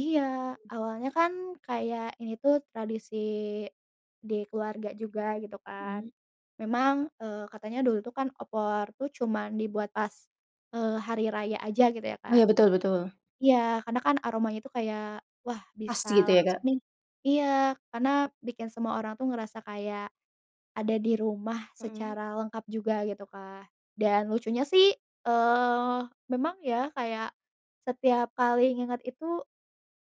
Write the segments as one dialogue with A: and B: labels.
A: Iya, awalnya kan kayak ini tuh tradisi di keluarga juga, gitu kan,
B: Mmm.
A: memang, eee, katanya dulu tuh kan opor tuh cuman dibuat pas, eee, hari raya aja gitu ya,
B: Oh,
A: Kak.
B: ya, betul betul.
A: Iya, karena kan aromanya itu kayak, wah, bisa
B: Pasti gitu ya,
A: langsung
B: Kak.
A: nih. Iya, karena bikin semua orang tuh ngerasa kayak ada di rumah
B: Mhm.
A: secara lengkap juga gitu, Kak, dan lucunya sih, eee, memang ya kayak setiap kali inget itu,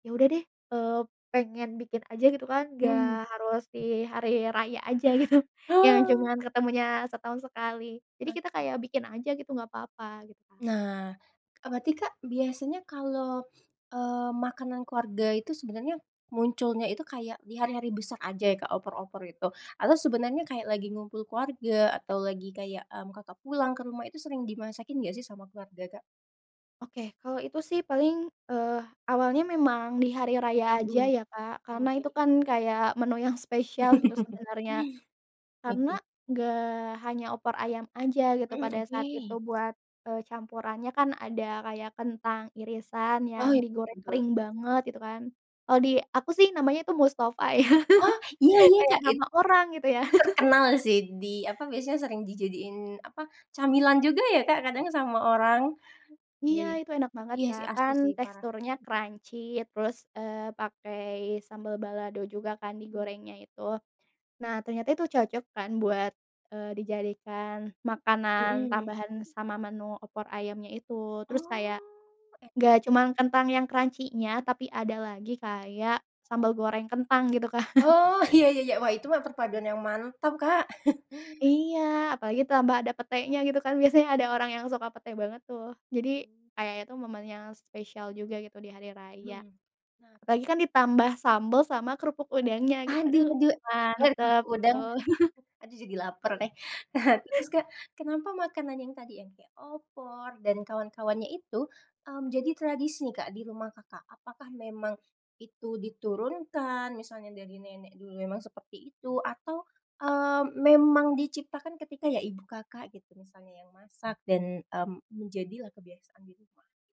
A: ya udah deh, eee, pengen bikin aja gitu kan, nggak
B: Mhm.
A: harus di hari raya aja gitu, yang
B: Oh.
A: cuman ketemunya setahun sekali jadi kita
B: Oke.
A: kayak bikin aja gitu nggak papa kita.
B: Nah, e berarti, Kak, biasanya kalo, eee, makanan keluarga itu sebenernya munculnya itu kayak di hari-hari besar aja ya, kayak opor-opor itu atau sebenernya kayak lagi ngumpul keluarga atau lagi kayak, eee, Kakak, pulang ke rumah, itu sering dimasakin nggak sih sama keluarga, Kak?
A: Oke, kalau itu sih paling, eee, awalnya memang di hari raya aja
B: Mhm.
A: ya, Kak, karena itu
B: Oke.
A: kan kayak menu yang spesial gitu sebenarnya, karena
B: Oke.
A: enggak hanya opor ayam aja gitu,
B: Mhm.
A: pada saat itu
B: Oke.
A: buat, eee, campurannya kan ada kayak kentang irisan yang
B: Oh, i
A: digoreng
B: betul.
A: kering banget gitu kan, kalau di aku sih namanya itu Mustofa ya,
B: Oh, iya iya,
A: kayak
B: Kak, it
A: nama orang, gitu, ya.
B: terkenal sih di, apa, biasanya sering dijadiin, apa, camilan juga ya, Kak, kadang sama orang.
A: Iya,
B: Baik.
A: itu enak banget,
B: Iya, sih,
A: Kak,
B: asli
A: kan
B: sih, parah.
A: teksturnya crunchy terus, eee, pakai sambel balado juga kan
B: Mmm.
A: digorengnya itu. Nah, ternyata itu cocok kan buat, eee, dijadikan makanan
B: Mhm.
A: tambahan sama menu opor ayamnya itu, terus
B: Oh.
A: kayak
B: [unintelligible]
A: nggak cuman kentang yang crunchy-nya tapi ada lagi kayak sambal goreng kentang, gitu kan.
B: Oh, iya iya iya. Wah, itu mah perpaduan yang mantap, Kak.
A: Iya, apalagi tambah ada petenya, gitu kan. Biasanya ada orang yang suka pete banget tuh, jadi
B: Hmm.
A: kayak itu momen yang spesial juga gitu di hari raya.
B: Mhm. Nah
A: Apalagi kan ditambah sambel sama kerupuk udangnya, gitu.
B: Aduh
A: Aduh,
B: aduh aduh, ada
A: mantep
B: kerupuk udang.
A: betul.
B: Aduh, jadi lapar deh. Terus, Kak, kenapa makanan yang tadi yang kayak opor dan kawan-kawannya itu, mmm, jadi tradisi nih, Kak, di rumah Kakak? Apakah memang itu diturunkan? Misalnya dari nenek dulu memang seperti itu? Atau, eee, memang diciptakan ketika ya ibu Kakak gitu, misalnya yang masak dan, mmm, menjadilah kebiasaan di rumah?